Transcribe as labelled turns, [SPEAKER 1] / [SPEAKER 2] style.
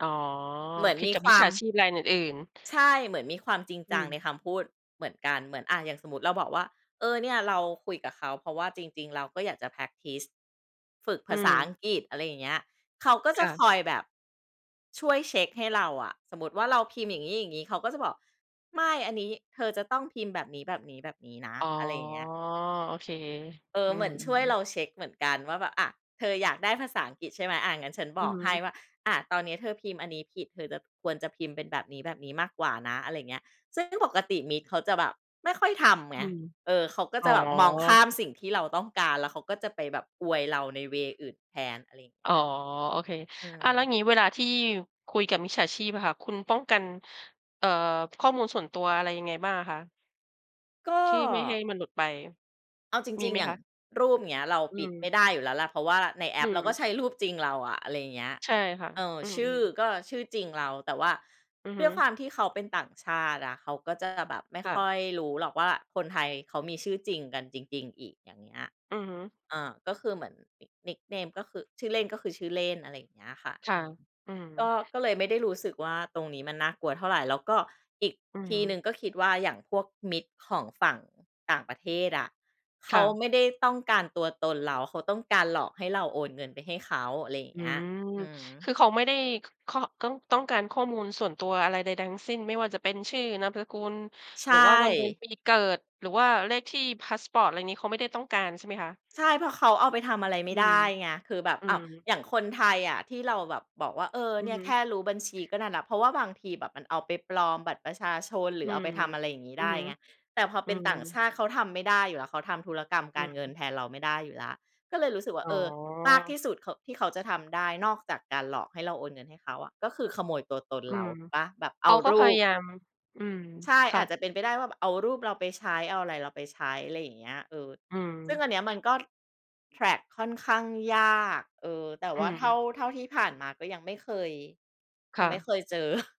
[SPEAKER 1] อ๋อ
[SPEAKER 2] เหมือน
[SPEAKER 1] ผิด
[SPEAKER 2] มี
[SPEAKER 1] กับ
[SPEAKER 2] ค
[SPEAKER 1] ม
[SPEAKER 2] ว
[SPEAKER 1] ิจ
[SPEAKER 2] า
[SPEAKER 1] ฉ
[SPEAKER 2] ม
[SPEAKER 1] าชีพรายอื่น ๆ
[SPEAKER 2] ใช่ เหมือนมีความจริง
[SPEAKER 1] อื
[SPEAKER 2] จังใน
[SPEAKER 1] ม
[SPEAKER 2] คำพูดเหมือนกัน เหมือน อา อย่างสมมุติเราบอกว่า เออ เนี่ย เราคุยกับเขา เพราะว่าจริง ๆ เราก็อยากจะ แพร็กทิซ ฝึกภ
[SPEAKER 1] อื
[SPEAKER 2] าษาอั
[SPEAKER 1] ม
[SPEAKER 2] งกฤษ อะไรอย่างเงี้ย เขาก็จ
[SPEAKER 1] ค
[SPEAKER 2] ะ
[SPEAKER 1] ่
[SPEAKER 2] ค
[SPEAKER 1] ะ
[SPEAKER 2] อยแบบ ช่วยเช็กให้เราอะ สมมุติว่า เราพิมพ์อย่างงี้ อย่างงี้ เขาก็จะบอก "ไม่ อันนี้เธอจะต้องพิมพ์แบบนี้ แบบนี้ แบบนี้นะ"
[SPEAKER 1] อ๋อ
[SPEAKER 2] อะไรอย่างเงี้ย
[SPEAKER 1] โอเค
[SPEAKER 2] เอ
[SPEAKER 1] อ
[SPEAKER 2] อ
[SPEAKER 1] ื
[SPEAKER 2] เหมือ
[SPEAKER 1] ม
[SPEAKER 2] นช่วยเร
[SPEAKER 1] ๆ
[SPEAKER 2] าเช็กเหมือนกันว่าแบบ อะ เธออยากได้ภาษาอังกฤษ ใช่ไหม อา งั้นฉัน
[SPEAKER 1] อ
[SPEAKER 2] บ
[SPEAKER 1] ื
[SPEAKER 2] อ
[SPEAKER 1] อ
[SPEAKER 2] ก
[SPEAKER 1] ฮ
[SPEAKER 2] ให้
[SPEAKER 1] ึ
[SPEAKER 2] ว่า อะ ตอนเนี้ยเธอพิมพ์อันนี้ผิด เธอจะ ควรจะพิมพ์เป็นแบบนี้ แบบนี้มากกว่านะ อะไรเงี้ย ซึ่งปกติ มิจเขาจะแบบไม่ค่อยทำไ
[SPEAKER 1] อ
[SPEAKER 2] ง
[SPEAKER 1] ืม
[SPEAKER 2] เออ เขาก็
[SPEAKER 1] อ๋
[SPEAKER 2] จ
[SPEAKER 1] อ
[SPEAKER 2] ะแบบมองข้าม สิ่งที่เราต้องการ แล้วเขาก็จะไปแบบอวยเราใน เวย์ อื่นแทน อะไรอย่างเ
[SPEAKER 1] อ
[SPEAKER 2] ง
[SPEAKER 1] ๋
[SPEAKER 2] ี้
[SPEAKER 1] อ
[SPEAKER 2] ย
[SPEAKER 1] โอเค
[SPEAKER 2] อื
[SPEAKER 1] อา
[SPEAKER 2] ม
[SPEAKER 1] แล้วอย่างงี้เวลา ที่คุยกับมิจฉาชีพอะค่ะ คุณป้องกัน เอ่อ ข้อมูลส่วนตัว อะไรยังไงบ้างอะคะ?
[SPEAKER 2] ก็
[SPEAKER 1] ที่ไม่ให้มันหลุดไป
[SPEAKER 2] เอาจ
[SPEAKER 1] มี
[SPEAKER 2] ริ
[SPEAKER 1] ไ
[SPEAKER 2] ง
[SPEAKER 1] หม
[SPEAKER 2] ๆ อย่
[SPEAKER 1] ค
[SPEAKER 2] าง
[SPEAKER 1] ะ?
[SPEAKER 2] รูป เงี้ย เรา
[SPEAKER 1] อื
[SPEAKER 2] ปิดไม่
[SPEAKER 1] ม
[SPEAKER 2] ได้อยู่แล้วล่ะ เพราะว่าในแอ
[SPEAKER 1] อื
[SPEAKER 2] ปเราก็
[SPEAKER 1] ม
[SPEAKER 2] ใช้รูปจริงเราอะ อะไรอย่างเงี้ย
[SPEAKER 1] ใช่ค่ะ
[SPEAKER 2] เออ
[SPEAKER 1] อื
[SPEAKER 2] ช
[SPEAKER 1] ม
[SPEAKER 2] ื่อ
[SPEAKER 1] ๆ
[SPEAKER 2] ก็ชื่อจริงเรา แต่ว่า
[SPEAKER 1] อือ
[SPEAKER 2] ด
[SPEAKER 1] ฮ
[SPEAKER 2] ้
[SPEAKER 1] ึ
[SPEAKER 2] วยความที่เขาเป็นต่างชาติอะ เขาก็จะแบบไม่
[SPEAKER 1] ค่
[SPEAKER 2] ค
[SPEAKER 1] ะ
[SPEAKER 2] ่อยรู้หรอกว่า คนไทยเขามีชื่อจริงกันจริง ๆ อีก อย่างเงี้ย
[SPEAKER 1] อือฮึ
[SPEAKER 2] อ่า ก็คือเหมือน nick nickname ก็คือ ชื่อเล่น ก็คือชื่อเล่น อะไรอย่างเงี้ยค่ะ
[SPEAKER 1] ค่
[SPEAKER 2] อ
[SPEAKER 1] ะ
[SPEAKER 2] ือ
[SPEAKER 1] อื
[SPEAKER 2] ก
[SPEAKER 1] ม
[SPEAKER 2] ็ ก็เลยไม่ได้รู้สึกว่า ตรงนี้มันน่ากลัวเท่าไร แล้วก็อีก
[SPEAKER 1] อื
[SPEAKER 2] ที่หน
[SPEAKER 1] อ
[SPEAKER 2] ึ่ง ก็คิดว่าอย่างพวกมิจของฝั่งต่างประเทศอะ เข
[SPEAKER 1] ค่
[SPEAKER 2] า
[SPEAKER 1] ะ
[SPEAKER 2] ไม่ได้ต้องการตัวตนเรา เขาต้องการหลอกให้เราโอนเงินไปให้เขา อะไรอย่า
[SPEAKER 1] อ
[SPEAKER 2] ง
[SPEAKER 1] ื
[SPEAKER 2] เงี้ย
[SPEAKER 1] ม
[SPEAKER 2] อื
[SPEAKER 1] ค
[SPEAKER 2] ม
[SPEAKER 1] ือเขาไม่ได้ ค ค ต้อง ต้องการข้อมูลส่วนตัวอะไรใด ๆ ทั้งสิ้น ไม่ว่าจะเป็น ชื่อ นามสกุล
[SPEAKER 2] ใช
[SPEAKER 1] หรือว่า วัน เดือน
[SPEAKER 2] ่
[SPEAKER 1] ปีเกิด หรือว่าเลขที่พาสปอร์ต อะไรอย่างงี้ เขาไม่ได้ต้องการใช่ไหมคะ?
[SPEAKER 2] ใช่ เพราะเขาเอาไปทำอะไรไม่
[SPEAKER 1] อื
[SPEAKER 2] ได
[SPEAKER 1] ม
[SPEAKER 2] ้ไง คือแบบ
[SPEAKER 1] อื
[SPEAKER 2] อ้าว
[SPEAKER 1] ม
[SPEAKER 2] อย่างคนไทยอะ ที่เราแบบบอกว่า เออ
[SPEAKER 1] อื
[SPEAKER 2] เน
[SPEAKER 1] อ
[SPEAKER 2] ี่
[SPEAKER 1] ฮ
[SPEAKER 2] ย
[SPEAKER 1] ึ
[SPEAKER 2] แค่รู้บัญชี ก็นั่นน่ะ เพราะว่าบางทีแบบมันเอาไปปลอมบัตรประชาชน หรื
[SPEAKER 1] อื
[SPEAKER 2] อเอา
[SPEAKER 1] ม
[SPEAKER 2] ไปทำอะไรอย่างงี้
[SPEAKER 1] อื
[SPEAKER 2] ได
[SPEAKER 1] อ
[SPEAKER 2] ้
[SPEAKER 1] ฮึ
[SPEAKER 2] ไง แต่พอ
[SPEAKER 1] อ
[SPEAKER 2] เ
[SPEAKER 1] ื
[SPEAKER 2] ป็นต่าง
[SPEAKER 1] ม
[SPEAKER 2] ชาติเขาทำไม่ได้อยู่แล้ว เขาทำธุรกรรม
[SPEAKER 1] อ
[SPEAKER 2] ก
[SPEAKER 1] ื
[SPEAKER 2] ารเงิน
[SPEAKER 1] ม
[SPEAKER 2] แทนเราไม่ได้อยู่แล้ว ก็เลยรู้สึกว่า
[SPEAKER 1] อ๋
[SPEAKER 2] เออ มากท
[SPEAKER 1] อ
[SPEAKER 2] ี่สุดเขา ที่เขาจะทำได้นอกจากการหลอกให้เราโอนเงินให้เขาอะ ก็คือขโมยตัวตน
[SPEAKER 1] อื
[SPEAKER 2] เรา
[SPEAKER 1] ม
[SPEAKER 2] เปล่า แบบ
[SPEAKER 1] เ
[SPEAKER 2] เ
[SPEAKER 1] ข
[SPEAKER 2] อา
[SPEAKER 1] าก็
[SPEAKER 2] ร
[SPEAKER 1] พ
[SPEAKER 2] ู
[SPEAKER 1] ยา
[SPEAKER 2] ป
[SPEAKER 1] ยาม อืม
[SPEAKER 2] ใช่
[SPEAKER 1] ค
[SPEAKER 2] อ
[SPEAKER 1] ่
[SPEAKER 2] าจ
[SPEAKER 1] ะ
[SPEAKER 2] จะเป็นไปได้ว่า แบบเอารูปเราไปใช้ เอาอะไรเราไปใช้ อะไรอย่างเงี้ย เออ
[SPEAKER 1] อืม
[SPEAKER 2] ซึ่งอันเนี้ยมันก็ แทร็ก ค่อนข้างยาก เออ แต่
[SPEAKER 1] อื
[SPEAKER 2] ว่าเท่า
[SPEAKER 1] ม
[SPEAKER 2] เท่าที่ผ่านมา ก็ยังไม่เคย ย
[SPEAKER 1] ค
[SPEAKER 2] ัง
[SPEAKER 1] ่
[SPEAKER 2] ไม่
[SPEAKER 1] ะ
[SPEAKER 2] เคยเจอ